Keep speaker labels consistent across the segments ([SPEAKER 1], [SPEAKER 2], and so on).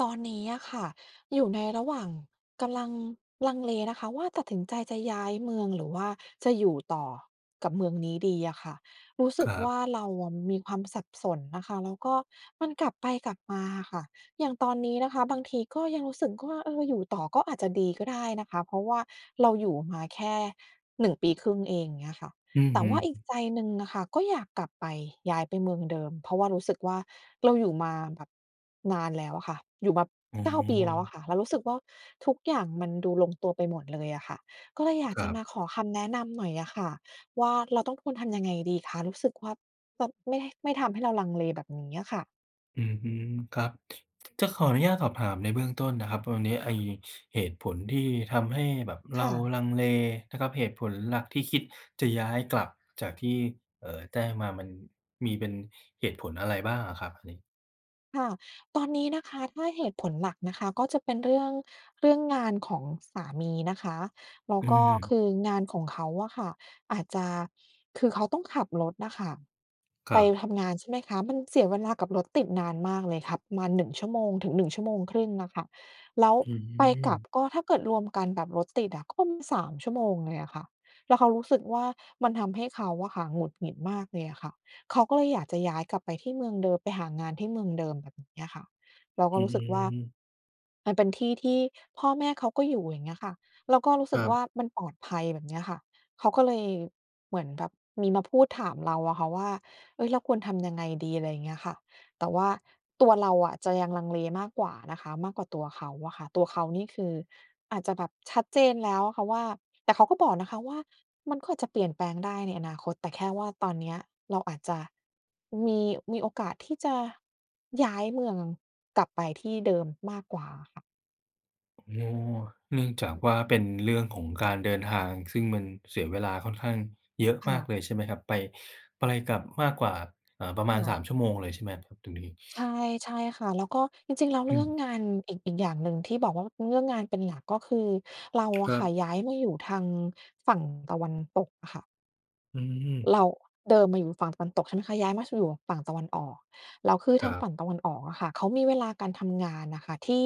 [SPEAKER 1] ตอนนี้อะค่ะอยู่ในระหว่าง กำลังลังเลนะคะว่า ตัดสินใจจะย้ายเมือง หรือว่าจะอยู่ต่อกับเมืองนี้ดีอะค่ะ รู้ส
[SPEAKER 2] ค
[SPEAKER 1] ึก
[SPEAKER 2] รั
[SPEAKER 1] ว
[SPEAKER 2] บ
[SPEAKER 1] ่า เราอะมีความสับสนนะคะ แล้วก็มันกลับไปกลับมาอะค่ะ อย่างตอนนี้นะคะ บางทีก็ยังรู้สึกว่า เออ อยู่ต่อก็อาจจะดีก็ได้นะคะ เพราะว่าเราอยู่มาแค่ 1 ปีครึ่งเอง เงี้ยค่ะ
[SPEAKER 2] อือ
[SPEAKER 1] แต่
[SPEAKER 2] ฮึ
[SPEAKER 1] ว่าอีกใจหนึ่งอะค่ะ ก็อยากกลับไป ย้ายไปเมืองเดิม เพราะว่ารู้สึกว่า เราอยู่มาแบบนานแล้วอะค่ะ อยู่มา
[SPEAKER 2] อ๋
[SPEAKER 1] 9 ปีแล้วอะ
[SPEAKER 2] อ
[SPEAKER 1] ค่ะ เรารู้สึกว่า ทุกอย่างมันดูลงตัวไปหมดเลยอะค่ะ ก็เลยอยาก
[SPEAKER 2] คร
[SPEAKER 1] จ
[SPEAKER 2] ั
[SPEAKER 1] ะ
[SPEAKER 2] บ
[SPEAKER 1] มาขอคำแนะนำหน่อยอะค่ะว่า เราต้องควรทำยังไงดีคะ? รู้สึกว่า ปับ ไม่ ด ไม่ทำให้เราลังเลแบบนี้อะค่ะ
[SPEAKER 2] อือฮึ ครับ จะขออนุญาตสอบถามในเบื้องต้นนะครับ วันนี้ไอ้เหตุผลที่ทำให้แบบเ
[SPEAKER 1] ค
[SPEAKER 2] รา
[SPEAKER 1] ่ะ
[SPEAKER 2] ลังเลนะครับ เหตุผลหลักที่คิดจะย้ายกลับ จากที่ เอ่อ แจ้งมา มันมีเป็นเหตุผลอะไรบ้างอะครับอันนี้?
[SPEAKER 1] ค่ะ ตอนนี้นะคะ ถ้าเหตุผลหลักนะคะ ก็เป็นเรื่อง เรื่องงานของสามีนะคะ แล้
[SPEAKER 2] อ
[SPEAKER 1] ว
[SPEAKER 2] ื
[SPEAKER 1] ก็ ค
[SPEAKER 2] ม
[SPEAKER 1] ืองานของเขาอะค่ะอาจจะ คือเขาต้องขับรถน่ะค่ะ
[SPEAKER 2] ค
[SPEAKER 1] ไ
[SPEAKER 2] ร
[SPEAKER 1] ป
[SPEAKER 2] ับ
[SPEAKER 1] ทำงาน ใช่ไหมคะ มันเสียเวลากับรถติดนานมากเลย ขับประมาณ 1 ชั่วโมงถึง 1 ชั่วโมงครึ่งน่ะค่ะ แล้ว
[SPEAKER 2] อื
[SPEAKER 1] ไปกลับ
[SPEAKER 2] ม
[SPEAKER 1] ก็ถ้าเกิดรวมกันแบบรถติดอะ ก็ 3 ชั่วโมงเลยอะค่ะ แล้วเขารู้สึกว่า มันทำให้เขาอะค่ะหงุดหงิดมากเลยอะค่ะ เขาก็เลยอยากจะย้ายกลับไปที่เมืองเดิม ไปหางานที่เมืองเดิม แบบเนี้ยค่ะ เรา
[SPEAKER 2] อ
[SPEAKER 1] ก็
[SPEAKER 2] ื
[SPEAKER 1] ร
[SPEAKER 2] อ
[SPEAKER 1] ู้
[SPEAKER 2] ฮ
[SPEAKER 1] สึกว่า
[SPEAKER 2] ึ
[SPEAKER 1] มันเป็นที่ที่พ่อแม่เขาก็อยู่ อย่างเงี้ยค่ะ แล้วก็รู้
[SPEAKER 2] ค
[SPEAKER 1] สึ
[SPEAKER 2] ร
[SPEAKER 1] ก
[SPEAKER 2] ั
[SPEAKER 1] ว
[SPEAKER 2] บ
[SPEAKER 1] ่า มันปลอดภัย แบบเนี้ยค่ะ เขาก็เลยเหมือนแบบ มีมาพูดถามเราอะค่ะว่า เฮ้ย เราควรทำยังไงดี? อะไรเงี้ยค่ะ แต่ว่าตัวเราอะ จะยังลังเลมากกว่านะคะ มากกว่าตัวเขาอะค่ะ ตัวเขานี่คือ อาจจะแบบชัดเจนแล้วอะค่ะว่า แต่เขาก็บอกนะคะว่า มันก็อาจจะเปลี่ยนแปลงได้ในอนาคต แต่แค่ว่าตอนเนี้ยเราอาจจะ มี มีโอกาสที่จะ ย้ายเมืองกลับไปที่เดิมมากกว่าค่ะ
[SPEAKER 2] นัว เนื่องจากว่า เป็นเรื่องของการเดินทาง ซึ่งมันเสียเวลาค่อนข้างเยอะ
[SPEAKER 1] ค
[SPEAKER 2] มา
[SPEAKER 1] ่
[SPEAKER 2] ก
[SPEAKER 1] ะ
[SPEAKER 2] เลย ใช่ไหมครับ ไป ไปกลับมากกว่า อ่า ประม
[SPEAKER 1] ค
[SPEAKER 2] าณ
[SPEAKER 1] ่
[SPEAKER 2] ส
[SPEAKER 1] ะ
[SPEAKER 2] าม ชั่วโมงเลยใช่ไหมครับตรงนี้?
[SPEAKER 1] ใช่ ใช่ค่ะ แล้วก็ จริง ๆ แล้ว
[SPEAKER 2] อ
[SPEAKER 1] เร
[SPEAKER 2] ื
[SPEAKER 1] ื่อง
[SPEAKER 2] ม
[SPEAKER 1] งานอีก อีกอย่างหนึ่งที่บอกว่า เรื่องงานเป็นหลัก ก็คือเรา
[SPEAKER 2] ค
[SPEAKER 1] อะ
[SPEAKER 2] รั
[SPEAKER 1] ค
[SPEAKER 2] บ
[SPEAKER 1] ่ะ ย้ายมาอยู่ทางฝั่งตะวันตกอะค่ะ
[SPEAKER 2] อืม
[SPEAKER 1] เรา เดิมอะอยู่ฝั่งตะวันตก ใช่ไหมคะ ย้ายมาอยู่ฝั่งตะวันออก แล้วคือ
[SPEAKER 2] ค
[SPEAKER 1] ท
[SPEAKER 2] ร
[SPEAKER 1] า
[SPEAKER 2] ั
[SPEAKER 1] งฝ
[SPEAKER 2] บ
[SPEAKER 1] ั่งตะวันออกอะค่ะ เขามีเวลาการทำงานอะค่ะ ที่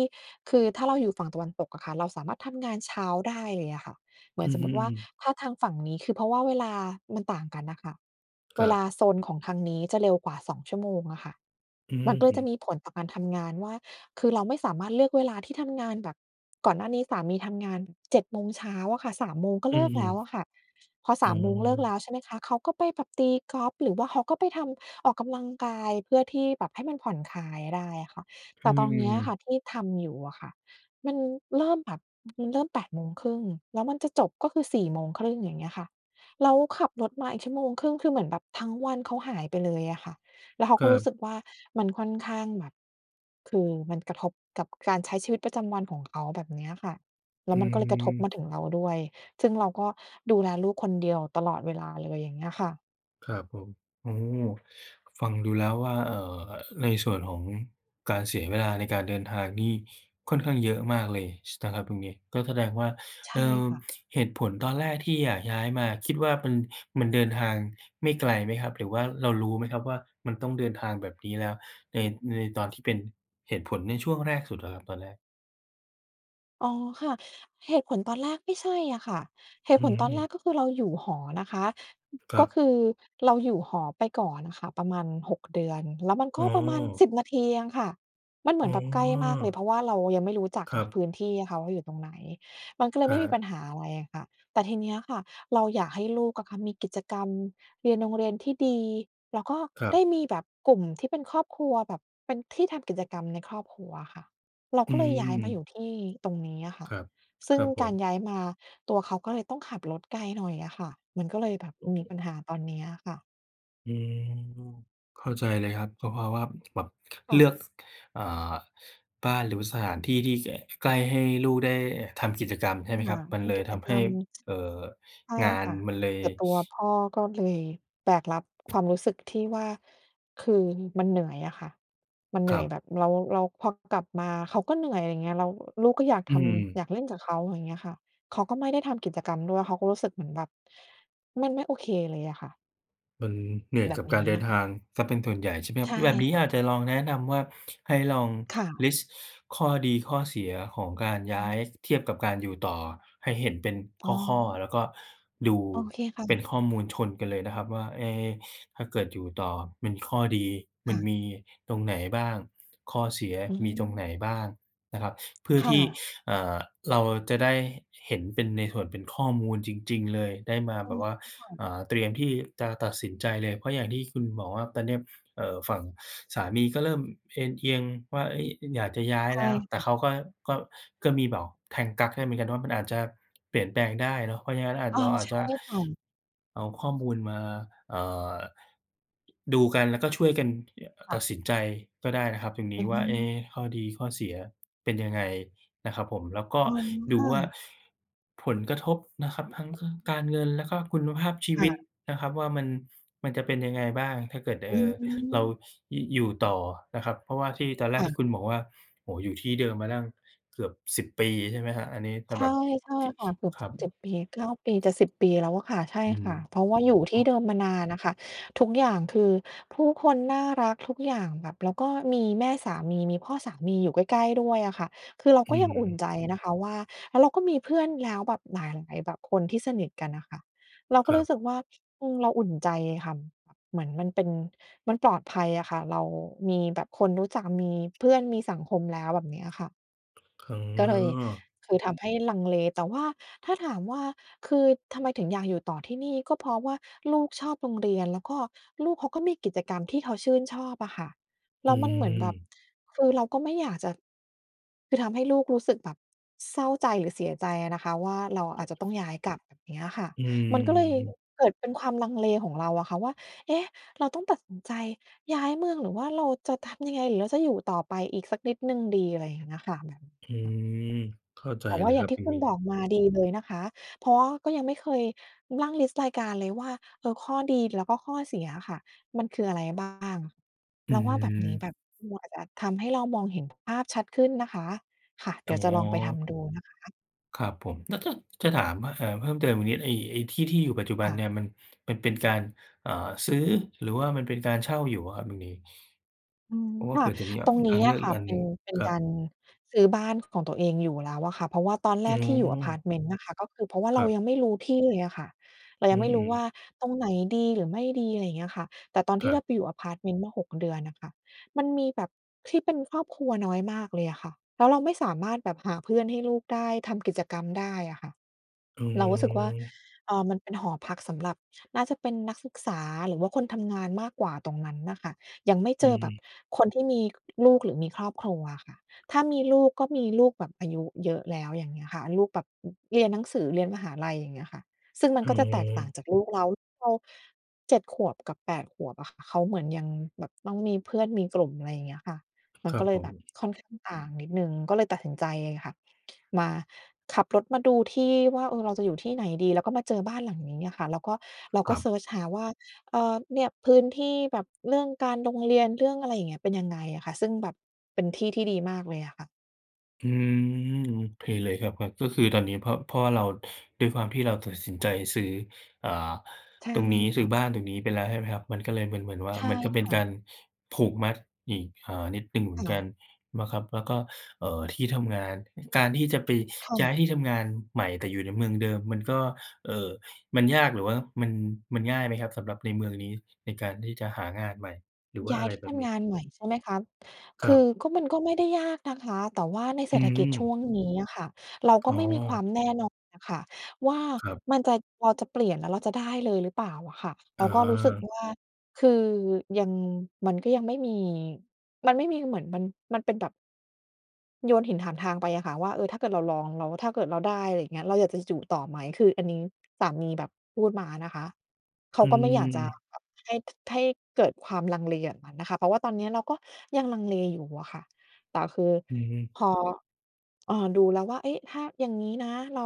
[SPEAKER 1] คือถ้าเราอยู่ฝั่งตะวันตกอะค่ะ เราสามารถทำงานเช้าได้เลยอะค่ะ เหมื
[SPEAKER 2] อ
[SPEAKER 1] อน
[SPEAKER 2] ือ
[SPEAKER 1] สม
[SPEAKER 2] ฮ
[SPEAKER 1] ม
[SPEAKER 2] ึ
[SPEAKER 1] ติ
[SPEAKER 2] อ
[SPEAKER 1] ว่า
[SPEAKER 2] ือ
[SPEAKER 1] ถ้าทางฝั่งนี้ คือเพราะว่าเวลามันต่างกันน่ะค่ะ
[SPEAKER 2] ค
[SPEAKER 1] เว
[SPEAKER 2] รั
[SPEAKER 1] ล
[SPEAKER 2] บ
[SPEAKER 1] าโซนของทางนี้จะเร็วกว่า 2 ชั่วโมงอะค่ะ
[SPEAKER 2] อื
[SPEAKER 1] มัน
[SPEAKER 2] อ
[SPEAKER 1] ก็เล
[SPEAKER 2] ฮ
[SPEAKER 1] ยจะ
[SPEAKER 2] ึ
[SPEAKER 1] มีผลต่อการทำงานว่า คือเราไม่สามารถเลือกเวลาที่ทำงานแบบ ก่อนหน้านี้สามีทำงาน 7 โมงเช้าอะค่ะ 3 โมงก็
[SPEAKER 2] อื
[SPEAKER 1] เลิ
[SPEAKER 2] อ
[SPEAKER 1] ก
[SPEAKER 2] ฮึ
[SPEAKER 1] แล้วอะค่ะ พอ
[SPEAKER 2] อ
[SPEAKER 1] ส
[SPEAKER 2] ๋อ
[SPEAKER 1] าม โมงเลิกแล้ว ใช่ไหมคะ เขาก็ไปแบบตีกอล์ฟ หรือว่าเขาก็ไปทำ ออกกำลังกาย เพื่อที่แบบให้มันผ่อนคลายได้อะค่ะ แ
[SPEAKER 2] อ
[SPEAKER 1] ต
[SPEAKER 2] ื
[SPEAKER 1] ่ตอนเนี้
[SPEAKER 2] ม
[SPEAKER 1] ยค
[SPEAKER 2] ๆ
[SPEAKER 1] ่ะที่ทำอยู่อะค่ะ มันเริ่มแบบ มันเริ่ม 8 โมงครึ่ง แล้วมันจะจบก็คือ 4 โมงครึ่ง อย่างเงี้ยค่ะ แล้วขับรถมาอีก 1.5 ชั่วโมง คือเหมือนแบบทั้งวันเขาหายไปเลยอะค่ะ แล้วเขา
[SPEAKER 2] ค
[SPEAKER 1] ก็
[SPEAKER 2] รั
[SPEAKER 1] รู้ส
[SPEAKER 2] บ
[SPEAKER 1] ึกว่ามันค่อนข้างแบบ คือมันกระทบกับการใช้ชีวิตประจำวันของเขาแบบเนี้ยอะค่ะ แล้
[SPEAKER 2] อื
[SPEAKER 1] วมันก็เลยกระทบม
[SPEAKER 2] ม
[SPEAKER 1] าถึงเราด้วย ซึ่งเราก็ดูแลลูกคนเดียวตลอดเวลาเลย อย่างเงี้ยค่ะ
[SPEAKER 2] ครับผม โอ้โฮ! ฟังดูแล้วว่า เอ่อ ในส่วนของการเสียเวลาในการเดินทางนี่ค่อนข้างเยอะมากเลย ช นะครับตรงนี้ ก็แสดงว่า
[SPEAKER 1] ใช
[SPEAKER 2] เอ
[SPEAKER 1] ่
[SPEAKER 2] ่อ
[SPEAKER 1] ค่ะ
[SPEAKER 2] เหตุผลตอนแรกที่อยากย้ายมา คิดว่ามัน มันเดินทางไม่ไกลไหมครับ? หรือว่าเรารู้ไหมครับว่า มันต้องเดินทางแบบนี้? แล้วใน ในตอนที่เป็น เหตุผลในช่วงแรกสุดอะครับ ตอนแรก
[SPEAKER 1] อ๋อ ค่ะ เหตุผลตอนแรกไม่ใช่อะค่ะ เห
[SPEAKER 2] อ
[SPEAKER 1] ต
[SPEAKER 2] ื
[SPEAKER 1] ุผลตอนแรก
[SPEAKER 2] ม
[SPEAKER 1] ก็คือ เราอยู่หอนะคะ
[SPEAKER 2] คร
[SPEAKER 1] ก
[SPEAKER 2] ั
[SPEAKER 1] ็
[SPEAKER 2] บ
[SPEAKER 1] คือเราอยู่หอไปก่อนค่ะ ประมาณ 6 เดือน แล้วมันก
[SPEAKER 2] อ๋
[SPEAKER 1] ็ประมาณ
[SPEAKER 2] อ
[SPEAKER 1] 10 นาทีเองค่ะ มันเหม
[SPEAKER 2] อ
[SPEAKER 1] ื
[SPEAKER 2] ๋
[SPEAKER 1] อนแบบใกล้มากเล
[SPEAKER 2] อ
[SPEAKER 1] ย เพราะว่าเรายังไม่รู้จัก
[SPEAKER 2] ค
[SPEAKER 1] อ
[SPEAKER 2] รั
[SPEAKER 1] ะ พ
[SPEAKER 2] บ
[SPEAKER 1] ื้นที่เขาอยู่ตรงไหน มัน ก็เลย
[SPEAKER 2] อ
[SPEAKER 1] ไม่มีป
[SPEAKER 2] า
[SPEAKER 1] ัญหาอะไรอะค่ะ แต่ทีนี้อะค่ะเราอยากให้ลูกอะค่ะ มีกิจกรรม เรียนโรงเรียนที่ดี แล้วก็
[SPEAKER 2] ครั
[SPEAKER 1] ได
[SPEAKER 2] บ
[SPEAKER 1] ้มีแบบกลุ่มที่เป็นครอบครัว แบบเป็นที่ทำกิจกรรมในครอบครัวค่ะ เรา
[SPEAKER 2] อื
[SPEAKER 1] ก็เลยย้ายมาอย
[SPEAKER 2] ม
[SPEAKER 1] ู่ที่ตรงนี้อะค่
[SPEAKER 2] ค
[SPEAKER 1] ะ
[SPEAKER 2] รับ
[SPEAKER 1] ซ
[SPEAKER 2] ค
[SPEAKER 1] ึ่
[SPEAKER 2] ร
[SPEAKER 1] ง
[SPEAKER 2] ับผ
[SPEAKER 1] การ
[SPEAKER 2] ม
[SPEAKER 1] ย้ายมา ตัวเขาก็เลยต้องขับรถไกลหน่อยอะค่ะ มันก็เลยแบบมีปัญหาตอนเนี้ยอะค่ะ
[SPEAKER 2] อืม เข้าใจเลยครับ ก็เพราะว่าแบบ
[SPEAKER 1] ค
[SPEAKER 2] เ
[SPEAKER 1] ่
[SPEAKER 2] ลื
[SPEAKER 1] ะ
[SPEAKER 2] อก อ่า บ้านหรือสถานที่ที่ ก ใกล้ ให้ลูกได้ทำกิจกรรมใช่ไ
[SPEAKER 1] ค
[SPEAKER 2] หมคร
[SPEAKER 1] ่
[SPEAKER 2] ั
[SPEAKER 1] ะ
[SPEAKER 2] บ? มั
[SPEAKER 1] เ
[SPEAKER 2] น
[SPEAKER 1] ป็
[SPEAKER 2] เล
[SPEAKER 1] น
[SPEAKER 2] ย
[SPEAKER 1] กิ
[SPEAKER 2] ท
[SPEAKER 1] จ
[SPEAKER 2] ำ
[SPEAKER 1] ก
[SPEAKER 2] ให
[SPEAKER 1] ร
[SPEAKER 2] ้
[SPEAKER 1] รม
[SPEAKER 2] เอ่อ
[SPEAKER 1] ใช่
[SPEAKER 2] งาน
[SPEAKER 1] ค่ะ
[SPEAKER 2] มันเลย
[SPEAKER 1] แต่ตัวพ่อก็เลยแบกรับความรู้สึกที่ว่า คือ มันเหนื่อยอะค่ะ มันเห
[SPEAKER 2] ค
[SPEAKER 1] นื
[SPEAKER 2] ร
[SPEAKER 1] ่อ
[SPEAKER 2] ั
[SPEAKER 1] ย
[SPEAKER 2] บ
[SPEAKER 1] แบบเรา เรา พอกลับมา เขาก็เหนื่อย อะไรเงี้ย แล้วลูกก็อยาก
[SPEAKER 2] อื
[SPEAKER 1] ทำ
[SPEAKER 2] ม
[SPEAKER 1] อยากเล่นกับเขา อะไรเงี้ยค่ะ เขาก็ไม่ได้ทำกิจกรรมด้วย เขาก็รู้สึกเหมือนแบบ มันไม่โอเคเลยอะค่ะ
[SPEAKER 2] มันเหนื่อย
[SPEAKER 1] แบ
[SPEAKER 2] ก
[SPEAKER 1] บ
[SPEAKER 2] ับก
[SPEAKER 1] นี
[SPEAKER 2] า
[SPEAKER 1] ้
[SPEAKER 2] รเดิ
[SPEAKER 1] อ
[SPEAKER 2] น
[SPEAKER 1] ะ
[SPEAKER 2] ทางเสียเป็นส่วนใหญ่ใช่ไหมครั
[SPEAKER 1] ใช
[SPEAKER 2] บ? ค
[SPEAKER 1] ่
[SPEAKER 2] ือแบบนี้
[SPEAKER 1] ค่ะ
[SPEAKER 2] อาจจะลองแนะนำว่า ให้ลอง
[SPEAKER 1] ค่ะ
[SPEAKER 2] list ข้อดีข้อเสียของการย
[SPEAKER 1] อ
[SPEAKER 2] ้าย
[SPEAKER 1] ืม
[SPEAKER 2] เทียบกับการอยู่ต่อให้เห็นเป็น
[SPEAKER 1] อ๋อ
[SPEAKER 2] ข้อ ๆ แล้วก็ดู
[SPEAKER 1] โอเค ค่
[SPEAKER 2] เป็
[SPEAKER 1] ะ
[SPEAKER 2] นข้อมูลชนกันเลยนะครับว่า เอ๊ ถ้าเกิดอยู่ต่อ มันมีข้อดี
[SPEAKER 1] ค
[SPEAKER 2] มั
[SPEAKER 1] ่
[SPEAKER 2] น
[SPEAKER 1] ะ
[SPEAKER 2] มีตรงไหนบ้าง? ข้อเสีย
[SPEAKER 1] อื
[SPEAKER 2] มีตรงไ
[SPEAKER 1] ม
[SPEAKER 2] หนบ้างนะครับ เพื่อ
[SPEAKER 1] ค่
[SPEAKER 2] ที่
[SPEAKER 1] ะ
[SPEAKER 2] เอ่อ เราจะได้เห็นเป็นในส่วนเป็นข้อมูลจริง ๆ เลย ได้มาแบบว่า
[SPEAKER 1] [unintelligible]
[SPEAKER 2] อ่า เตรียมที่จะตัดสินใจเลย เพราะอย่างที่คุณบอกว่า ตอนเนี้ย เอ่อ ฝั่งสามีก็เริ่มเอนเอียงว่า เฮ้ย! อยากจะย้า
[SPEAKER 1] ใ
[SPEAKER 2] ย
[SPEAKER 1] ช
[SPEAKER 2] แ
[SPEAKER 1] ่
[SPEAKER 2] ล้ว แต
[SPEAKER 1] ค
[SPEAKER 2] ่
[SPEAKER 1] ่
[SPEAKER 2] เ
[SPEAKER 1] ะ
[SPEAKER 2] ขาก็ ก็ ก็มีบอกแทงกั๊กให้เหมือนกันว่า มันอาจจะเปลี่ยนแปลงได้เนาะ เพราะฉะนั้นอาจ
[SPEAKER 1] อา
[SPEAKER 2] เราอาจ
[SPEAKER 1] ใช
[SPEAKER 2] จ
[SPEAKER 1] ่
[SPEAKER 2] ะ
[SPEAKER 1] ค่ะ
[SPEAKER 2] เอาข้อมูลมา เอ่อ ดูกัน แล้วก็ช่วยกันที่จะ เอ่อ
[SPEAKER 1] ค่
[SPEAKER 2] ตั
[SPEAKER 1] ะ
[SPEAKER 2] ดสินใจก็ได้นะครับ ตรงน
[SPEAKER 1] อ
[SPEAKER 2] ี้
[SPEAKER 1] ือ
[SPEAKER 2] ว
[SPEAKER 1] ฮ
[SPEAKER 2] ่า
[SPEAKER 1] ึ
[SPEAKER 2] เอ๊ ข้อดีข้อเสียเป็นยังไงนะครับผม แล้วก็
[SPEAKER 1] อ๋อ
[SPEAKER 2] ด
[SPEAKER 1] ค
[SPEAKER 2] ู
[SPEAKER 1] ่
[SPEAKER 2] ว่า
[SPEAKER 1] ะ
[SPEAKER 2] ผลกระทบนะครับทั้ง ทั้งการเงินและก็คุณภาพชี
[SPEAKER 1] ค
[SPEAKER 2] ว
[SPEAKER 1] ่
[SPEAKER 2] ิต
[SPEAKER 1] ะ
[SPEAKER 2] นะครับว่า มัน มันจะเป็นยังไงบ้าง ถ้าเกิด ด เอ
[SPEAKER 1] อื
[SPEAKER 2] ่อ เรา
[SPEAKER 1] ม
[SPEAKER 2] ยุ อยู่ต่อนะครับ เพราะว่าที่ตอนแร
[SPEAKER 1] ค
[SPEAKER 2] ก
[SPEAKER 1] ่
[SPEAKER 2] ท
[SPEAKER 1] ะ
[SPEAKER 2] ี่คุณบอกว่า โอ้โฮ! อยู่ที่เดิมมาตั้งเกือบ 10 ปี ใช่ไหมครับ? อันนี้จะ
[SPEAKER 1] ใช
[SPEAKER 2] แบ
[SPEAKER 1] ่
[SPEAKER 2] บ
[SPEAKER 1] ใช่
[SPEAKER 2] ที่
[SPEAKER 1] ค่ะ เกือบ
[SPEAKER 2] ค
[SPEAKER 1] จ
[SPEAKER 2] ร
[SPEAKER 1] ะ
[SPEAKER 2] ับ
[SPEAKER 1] 7 ปี 9 ปี จะ 10 ปีแล้วอะค่ะ ใช่
[SPEAKER 2] อืม
[SPEAKER 1] ค่ะ เพราะว่าอยู่ท
[SPEAKER 2] อ
[SPEAKER 1] ี
[SPEAKER 2] ๋อ
[SPEAKER 1] ่เดิมมานานน่ะค่ะ ทุกอย่างคือ ผู้คนน่ารัก ทุกอย่างแบบ แล้วก็มีแม่สามีมีพ่อสามีอยู่ใกล้ ๆ ด้วยอะค่ะ คือเรา
[SPEAKER 2] อื
[SPEAKER 1] ก็
[SPEAKER 2] อ
[SPEAKER 1] ยั
[SPEAKER 2] ฮ
[SPEAKER 1] งอุ่น
[SPEAKER 2] ึ
[SPEAKER 1] ใจนะคะว่า แล้วเราก็มีเพื่อนแล้ว แบบหลาย ๆ แบบ คนที่สนิทกันน่ะค่ะ เราก
[SPEAKER 2] ค
[SPEAKER 1] ็
[SPEAKER 2] รั
[SPEAKER 1] รู้
[SPEAKER 2] บ
[SPEAKER 1] สึกว่า อืม เราอุ่นใจอะค่ะ เหมือนมันเป็น มันปลอดภัยอะค่ะ เรามีแบบคนรู้จัก มีเพื่อน มีสังคมแล้ว แบบเนี้ยค่ะ
[SPEAKER 2] อ๋
[SPEAKER 1] ก็เลย
[SPEAKER 2] อ
[SPEAKER 1] คือทำให้ลังเล แต่ว่าถ้าถามว่า คือทำไมถึงอยากอยู่ต่อที่นี่? ก็เพราะว่าลูกชอบโรงเรียน แล้วก็ลูกเขาก็มีกิจกรรมที่เขาชื่นชอบอะค่ะ แล
[SPEAKER 2] อื
[SPEAKER 1] ้วมันเหมือนแบบ
[SPEAKER 2] ม
[SPEAKER 1] คือเราก็ไม่อยากจะ คือทำให้ลูกรู้สึกแบบเศร้าใจหรือเสียใจอะนะคะว่า เรา
[SPEAKER 2] อื
[SPEAKER 1] อาจจะต้อ
[SPEAKER 2] ม
[SPEAKER 1] งย้ายกลับ เงี้ยค่ะ
[SPEAKER 2] อื
[SPEAKER 1] มันก็เลย
[SPEAKER 2] ม
[SPEAKER 1] เกิดเป็นความลังเลของเราอะค่ะว่า เอ๊ะ! เราต้องตัดสินใจย้ายเมือง หรือว่าเราจะทำยังไง หรือเราจะอยู่ต่อไปอีกสักนิดหนึ่งดี อะไรเงี้ยน่ะค่ะ มัน
[SPEAKER 2] อื
[SPEAKER 1] ค่ะ
[SPEAKER 2] ม เข้าใจ
[SPEAKER 1] แต่ว
[SPEAKER 2] เ
[SPEAKER 1] ่
[SPEAKER 2] ล
[SPEAKER 1] า
[SPEAKER 2] ย
[SPEAKER 1] อย
[SPEAKER 2] ค
[SPEAKER 1] ่
[SPEAKER 2] ร
[SPEAKER 1] า
[SPEAKER 2] ั
[SPEAKER 1] ง
[SPEAKER 2] บ
[SPEAKER 1] ที
[SPEAKER 2] อ
[SPEAKER 1] ่
[SPEAKER 2] ย่า
[SPEAKER 1] ค
[SPEAKER 2] ง
[SPEAKER 1] ุ
[SPEAKER 2] ง
[SPEAKER 1] ณ
[SPEAKER 2] ี้
[SPEAKER 1] บอกมาดีเลยนะคะ เพราะว่าก็ยังไม่เคยนั่ง list รายการเลยว่า เออ ข้อดีและก็ข้อเสียอะค่ะมันคืออะไรบ้าง?
[SPEAKER 2] อ
[SPEAKER 1] เ
[SPEAKER 2] ื
[SPEAKER 1] ราว่า แบบนี้
[SPEAKER 2] ม
[SPEAKER 1] แบบมัว อาจจะทำให้เรามองเห็นภาพชัดขึ้นนะคะ ค่ะ เดี
[SPEAKER 2] อ๋
[SPEAKER 1] ๋ยวจะลองไปท
[SPEAKER 2] อ
[SPEAKER 1] ำดูนะคะ
[SPEAKER 2] ครับผม แล้วจะ จะถามว่า เอ่อ เพิ่มเติมอีกนิด ไอ้ ไอ้ที่ ที่อยู่ปัจจุบ
[SPEAKER 1] ค
[SPEAKER 2] ัน
[SPEAKER 1] ่ะ
[SPEAKER 2] เนี่ย มัน มันเป็นการ เอ่อ ซื้อ หรือว่ามันเป็นการเช่าอยู่อะครับตรงนี้
[SPEAKER 1] อืม
[SPEAKER 2] เพราะว่า
[SPEAKER 1] ค
[SPEAKER 2] เผ
[SPEAKER 1] ่ะ
[SPEAKER 2] ื่อจะมี อ่
[SPEAKER 1] ต
[SPEAKER 2] า
[SPEAKER 1] รงน
[SPEAKER 2] ท
[SPEAKER 1] ี
[SPEAKER 2] า
[SPEAKER 1] ้
[SPEAKER 2] งเล
[SPEAKER 1] อ
[SPEAKER 2] ือ
[SPEAKER 1] ะ
[SPEAKER 2] ก
[SPEAKER 1] ค
[SPEAKER 2] อี
[SPEAKER 1] ่
[SPEAKER 2] ก
[SPEAKER 1] ะ
[SPEAKER 2] อัน
[SPEAKER 1] เป
[SPEAKER 2] หน
[SPEAKER 1] ็
[SPEAKER 2] ึ่
[SPEAKER 1] น
[SPEAKER 2] ง
[SPEAKER 1] เป็น
[SPEAKER 2] ครั
[SPEAKER 1] กา
[SPEAKER 2] บ
[SPEAKER 1] รซื้อบ้านของตัวเองอยู่แล้วอะค่ะ เพราะว่าตอนแ
[SPEAKER 2] อ
[SPEAKER 1] รก
[SPEAKER 2] ๋
[SPEAKER 1] ที่อยู่อะพาร
[SPEAKER 2] อ
[SPEAKER 1] ์ตเมนต์น่ะค่ะ ก็คือเพราะว่าเ
[SPEAKER 2] ค
[SPEAKER 1] ร
[SPEAKER 2] ร
[SPEAKER 1] า
[SPEAKER 2] ับ
[SPEAKER 1] ยังไม่รู้ที่เลยอะค่ะ เรา
[SPEAKER 2] อื
[SPEAKER 1] ยังไม่รู้
[SPEAKER 2] อ
[SPEAKER 1] ว่
[SPEAKER 2] ๆ
[SPEAKER 1] าตรงไหนดี หรือไม่ดี อะไรเงี้ยอะค่ะ แต่ตอนท
[SPEAKER 2] ค
[SPEAKER 1] ี
[SPEAKER 2] ร
[SPEAKER 1] ่
[SPEAKER 2] ั
[SPEAKER 1] เ
[SPEAKER 2] บ
[SPEAKER 1] ราไปอยู่อะพาร์ตเมนต์เมื่อ 6 เดือนอะค่ะ มันมีแบบที่เป็นครอบครัวน้อยมากเลยอะค่ะ แล้วเราไม่สามารถแบบหาเพื่อนให้ลูกได้ ทำกิจกรรมได้อะค่ะ
[SPEAKER 2] อื
[SPEAKER 1] เรารู้สึกว่า
[SPEAKER 2] อ
[SPEAKER 1] เอ่อ มันเป็นหอพักสำหรับ น่าจะเป็นนักศึกษา หรือว่าคนทำงานมากกว่าตรงนั้นน่ะค่ะ ยังไม่เ
[SPEAKER 2] อ
[SPEAKER 1] จ
[SPEAKER 2] ื
[SPEAKER 1] อแบบ
[SPEAKER 2] ม
[SPEAKER 1] คนที่มีลูก หรือมีครอบครัวอะค่ะ ถ้ามีลูกก็มีลูกแบบอายุเยอะแล้ว อย่างเงี้ยค่ะ ลูกแบบเรียนหนังสือ เรียนมหาลัย อย่างเงี้ยค่ะ ซึ่งมั
[SPEAKER 2] อ
[SPEAKER 1] น
[SPEAKER 2] ๋
[SPEAKER 1] ก็จะแตกต่า
[SPEAKER 2] อ
[SPEAKER 1] งจากลูกเรา ลูกเรา 7 ขวบกับ 8 ขวบอะค่ะ เขาเหมือนยังแบบต้องมีเพื่อนมีกลุ่ม อะไรอย่างเงี้ยค่ะ มั
[SPEAKER 2] ค
[SPEAKER 1] น
[SPEAKER 2] รั
[SPEAKER 1] ก็
[SPEAKER 2] บ
[SPEAKER 1] เล
[SPEAKER 2] ผ
[SPEAKER 1] ยแบบ
[SPEAKER 2] ม
[SPEAKER 1] ค่อนข้างต่างนิดหนึ่ง ก็เลยตัดสินใจอะค่ะ มาขับรถมาดูที่ว่า เออ เราจะอยู่ที่ไหนดี แล้วก็มาเจอบ้านหลังนี้อะค่ะ แล้วก็ เรา
[SPEAKER 2] ค
[SPEAKER 1] ก็
[SPEAKER 2] รั
[SPEAKER 1] เซ
[SPEAKER 2] บ
[SPEAKER 1] ิร์ชหาว่า เออ เนี่ยพื้นที่แบบเรื่องการโรงเรียน เรื่องอะไรอย่างเงี้ย เป็นยังไงอะคะ ซึ่งแบบเป็นที่ที่ดีมากเลยอะค่ะ
[SPEAKER 2] อืม โอเคเลยครับ ขับ ก็คือตอนนี้ เพราะ เพราะว่าเรา ด้วยความที่เราตัดสินใจซื้อ อ่า
[SPEAKER 1] ใช่
[SPEAKER 2] ตรงนี้
[SPEAKER 1] ค
[SPEAKER 2] ซื
[SPEAKER 1] ่
[SPEAKER 2] ้อ
[SPEAKER 1] ะ
[SPEAKER 2] บ้านตรงนี้ไปแล้ว ใช่ไหมครับ? มันก็เลยเป็นเหมือนว่า
[SPEAKER 1] ใช่
[SPEAKER 2] มันก็เป็
[SPEAKER 1] ค
[SPEAKER 2] น
[SPEAKER 1] ่
[SPEAKER 2] กา
[SPEAKER 1] ะ
[SPEAKER 2] รผูกมัดอีก อ่า นิดหนึ่งเหมื
[SPEAKER 1] ค
[SPEAKER 2] อนก
[SPEAKER 1] ่
[SPEAKER 2] ั
[SPEAKER 1] ะ
[SPEAKER 2] นมาครับ แล้วก็ เอ่อ ที่ทำงาน อ การที่จะไป
[SPEAKER 1] ค่
[SPEAKER 2] ย้
[SPEAKER 1] ะ
[SPEAKER 2] ายที่ทำงานใหม่ แต่อยู่ในเมืองเดิม มันก็ เอ่อ มันยาก หรือว่ามัน มันง่ายไหมครับ? สำหรับในเมืองนี้ ในการที่จะหางานใหม่ หรือว่า
[SPEAKER 1] ย้า
[SPEAKER 2] อะ
[SPEAKER 1] ย
[SPEAKER 2] ไร
[SPEAKER 1] ที่
[SPEAKER 2] แบ
[SPEAKER 1] ท
[SPEAKER 2] บน
[SPEAKER 1] ำ
[SPEAKER 2] ี
[SPEAKER 1] ง
[SPEAKER 2] ้
[SPEAKER 1] านใหม่ใช่ไหมคะ? ค
[SPEAKER 2] คร
[SPEAKER 1] ื
[SPEAKER 2] ั
[SPEAKER 1] อ
[SPEAKER 2] บ
[SPEAKER 1] ก็ มันก็ไม่ได้ยากนะคะ แต่ว่าในเศ
[SPEAKER 2] อ
[SPEAKER 1] ร
[SPEAKER 2] ื
[SPEAKER 1] ษฐกิจช่
[SPEAKER 2] อ
[SPEAKER 1] วงนี้อะค่ะ เราก
[SPEAKER 2] อ
[SPEAKER 1] ็
[SPEAKER 2] ๋
[SPEAKER 1] ไม่มีควา
[SPEAKER 2] อ
[SPEAKER 1] มแน่นอนอะค่ะว่า
[SPEAKER 2] ครับ
[SPEAKER 1] มันจะ เราจะเปลี่ยน แล้วเราจะได้เลยหรือเปล่าอะค่ะ เรา
[SPEAKER 2] อ
[SPEAKER 1] ก็รู้สึก
[SPEAKER 2] า
[SPEAKER 1] ว่า คือยัง มันก็ยังไม่มี มันไม่มีเหมือนมัน มันเป็นแบบ โยนหินถามทางไปอะค่ะว่า เออ ถ้าเกิดเราลองแล้ว ถ้าเกิดเราได้ อะไรเงี้ย เราอยากจะอยู่ต่อไหม คืออันนี้สามีแบบพูดมานะคะ เขา
[SPEAKER 2] อื
[SPEAKER 1] ก็ไม่อยากจะ
[SPEAKER 2] อ
[SPEAKER 1] แบบให้ ท ให้เกิดความลังเลอย่างนั้นน่ะค่ะ เพราะว่าตอนนี้อะเราก็ยังลังเลอยู่อะค่ะ แต่คือ
[SPEAKER 2] อือฮึ
[SPEAKER 1] พอ เอ่อ ดูแล้วว่า เอ๊ะ! ถ้าอย่างงี้นะ เรา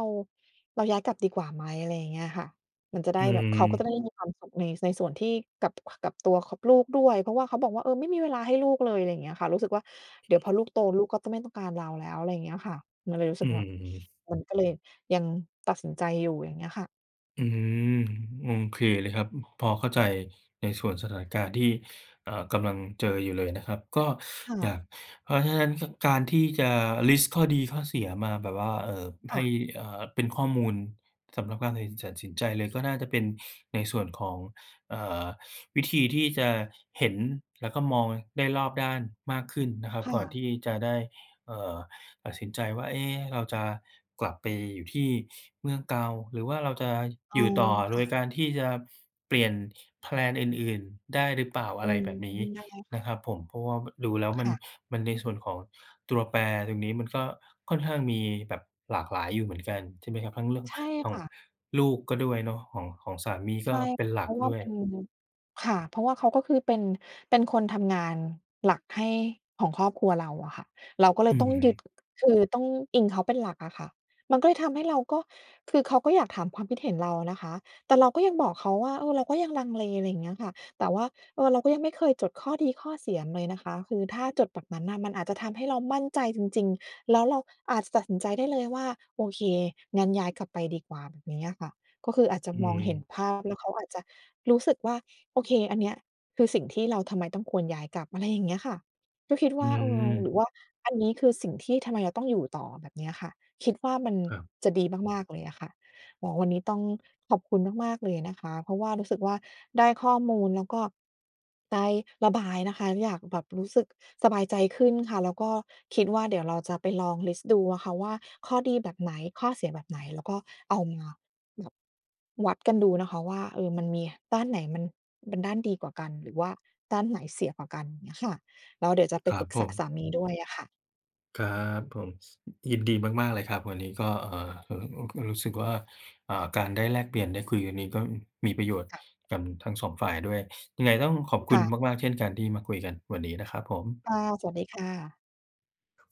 [SPEAKER 1] เราย้ายกลับดีกว่าไหม? อะไรอย่างเงี้ยค่ะ มันจะไ
[SPEAKER 2] อ
[SPEAKER 1] ด้
[SPEAKER 2] ื
[SPEAKER 1] แบบ เขาก็จ
[SPEAKER 2] ม
[SPEAKER 1] ะได้มีความสุข ใน ในส่วนที่ กับ กับตัวของ ลูกด้วย เพราะว่าเขาบอกว่า เออ ไม่มีเวลาให้ลูกเลย อะไรเงี้ยค่ะ รู้สึกว่า เดี๋ยวพอลูกโต ลูกก็จะไม่ต้องการเราแล้ว อะไรเงี้ยค่ะ มันเลยรู้
[SPEAKER 2] อ
[SPEAKER 1] ส
[SPEAKER 2] ื
[SPEAKER 1] ึกแบบ
[SPEAKER 2] ม
[SPEAKER 1] มันก็เลยยังตัดสินใจอยู่ อย่างเงี้ยค่ะ
[SPEAKER 2] อืม โอเคเลยครับ พอเข้าใจในส่วนสถานการณ์ที่ เอ่อ กำลังเจออยู่เลยนะครับ ก็
[SPEAKER 1] ค่
[SPEAKER 2] อ
[SPEAKER 1] ะ
[SPEAKER 2] ยาก เพราะฉะนั้น ค การที่จะลิสต์ข้อดีข้อเสียมาแบบว่า เอ่อ
[SPEAKER 1] ค
[SPEAKER 2] ให
[SPEAKER 1] ่
[SPEAKER 2] ้
[SPEAKER 1] ะ
[SPEAKER 2] เอ่อ เป็นข้อมูลสำหรับการตัดสิน สินใจเลยก็น่าจะเป็นในส่วนของ อ่า วิธีที่จะเห็นแล้วก็มองได้รอบด้านมากขึ้นนะครับ
[SPEAKER 1] ค่
[SPEAKER 2] ก่อน
[SPEAKER 1] ะ
[SPEAKER 2] ที่จะได้ เอ่อ ตัดสินใจว่า เอ๊ะ เราจะกลับไปอยู่ที่เมืองเก่า หรือว่าเราจะ
[SPEAKER 1] อ๋
[SPEAKER 2] อ
[SPEAKER 1] อ
[SPEAKER 2] ยู่ต่อโ
[SPEAKER 1] ค
[SPEAKER 2] ด
[SPEAKER 1] ่ะ
[SPEAKER 2] ยการที่จะเปลี่ยนแพลนอื่น ๆ ได้หรือเปล่า อ
[SPEAKER 1] อื
[SPEAKER 2] ะไร
[SPEAKER 1] อ
[SPEAKER 2] แบบนี้
[SPEAKER 1] ได้ค
[SPEAKER 2] น
[SPEAKER 1] ่ะ
[SPEAKER 2] ะครับผม เพราะว่า ม ดูแล้วม
[SPEAKER 1] ค
[SPEAKER 2] ัน
[SPEAKER 1] ่ะ
[SPEAKER 2] มัน ในส่วนของตัวแปรตรงนี้มันก็ค่อนข้างมีแบบหลากหลายอยู่เหมือนกันใช่ไหมครับ ทั้งเรื่อง
[SPEAKER 1] ใช่
[SPEAKER 2] ขอ
[SPEAKER 1] ค
[SPEAKER 2] ง
[SPEAKER 1] ่ะ
[SPEAKER 2] ลูกก็ด้วยเนาะ ของ ของสามีก
[SPEAKER 1] ใช
[SPEAKER 2] ็
[SPEAKER 1] ่
[SPEAKER 2] เป็นหล
[SPEAKER 1] เ
[SPEAKER 2] ั
[SPEAKER 1] พร
[SPEAKER 2] ก
[SPEAKER 1] าะว่า
[SPEAKER 2] ด้ว
[SPEAKER 1] มัน
[SPEAKER 2] ย
[SPEAKER 1] ค่ะ เพราะว่าเขาก็คือเป็น เป็นคนทำงานหลักให้ของครอบครัวเราอะค่ะ เราก็เล
[SPEAKER 2] อื
[SPEAKER 1] ยต้องยึด
[SPEAKER 2] ม
[SPEAKER 1] คือต้องอิงเขาเป็นหลักอะค่ะ มันก็เลยทำให้เราก็ คือเขาก็อยากถามความคิดเห็นเรานะคะ แต่เราก็ยังบอกเขาว่า เออ เราก็ยังลังเล อะไรอย่างเงี้ยค่ะ แต่ว่า เออ เราก็ยังไม่เคยจดข้อดีข้อเสียเลยนะคะ คือถ้าจดแบบนั้นน่ะ มันอาจจะทำให้เรามั่นใจจริง ๆ แล้วเราอาจจะตัดสินใจได้เลยว่า โอเค งั้นย้ายกลับไปดีกว่าแบบนี้อะค่ะ ก็คืออาจจะ
[SPEAKER 2] อื
[SPEAKER 1] มองเห็น
[SPEAKER 2] ม
[SPEAKER 1] ภาพ แล้วเขาอาจจะรู้สึกว่า โอเค อันเนี้ยคือสิ่งที่เราทำไมต้องควรย้ายกลับ อะไรอย่างเงี้ยค่ะ ก็คิด
[SPEAKER 2] อ
[SPEAKER 1] ว
[SPEAKER 2] ื
[SPEAKER 1] ่า เออ หร
[SPEAKER 2] ม
[SPEAKER 1] ือว่าอันนี้คือ สิ่งที่ทำไมเราต้องอยู่ต่อแบบนี้อะค่ะ คิดว่ามัน
[SPEAKER 2] ครับ
[SPEAKER 1] จะดีมาก ๆ เลยอะค่ะ อ๋อ วันนี้ต้องขอบคุณมาก ๆ เลยนะคะ เพราะว่ารู้สึกว่า ได้ข้อมูลแล้วก็ได้ระบายนะคะ อยากแบบ รู้สึกสบายใจขึ้นค่ะ แล้วก็คิดว่า เดี๋ยวเราจะไปลองลิสต์ดูอะค่ะว่าข้อดีแบบไหน ข้อเสียแบบไหน แล้วก็เอามาแบบ วัดกันดูนะคะว่า เออ มันมีด้านไหนมัน มันด้านดีกว่ากัน หรือว่าด้านไหนเสียกว่ากัน เงี้ยค่ะ แล้วเดี๋ยวจะไป
[SPEAKER 2] ครั
[SPEAKER 1] ป
[SPEAKER 2] บ
[SPEAKER 1] รึก
[SPEAKER 2] ผ
[SPEAKER 1] ษาส
[SPEAKER 2] ม
[SPEAKER 1] ามีด้วยอะค่ะ
[SPEAKER 2] ครับผม ยินดีมาก ๆ เลยครับ วันนี้ก็ เอ่อ อ อุ รู้สึกว่า อ่า การได้แลกเปลี่ยนได้คุยวันนี้ ก็มีประโยชน์
[SPEAKER 1] ค่ะ
[SPEAKER 2] กับทั้ง 2 ฝ่ายด้วย ยังไงต้องขอบค
[SPEAKER 1] ค
[SPEAKER 2] ุ
[SPEAKER 1] ่
[SPEAKER 2] ณ
[SPEAKER 1] ะ
[SPEAKER 2] มาก ๆ เช่นกันที่มาคุยกันวันนี้นะครับผม
[SPEAKER 1] ค่ะ สวัสดีค่ะ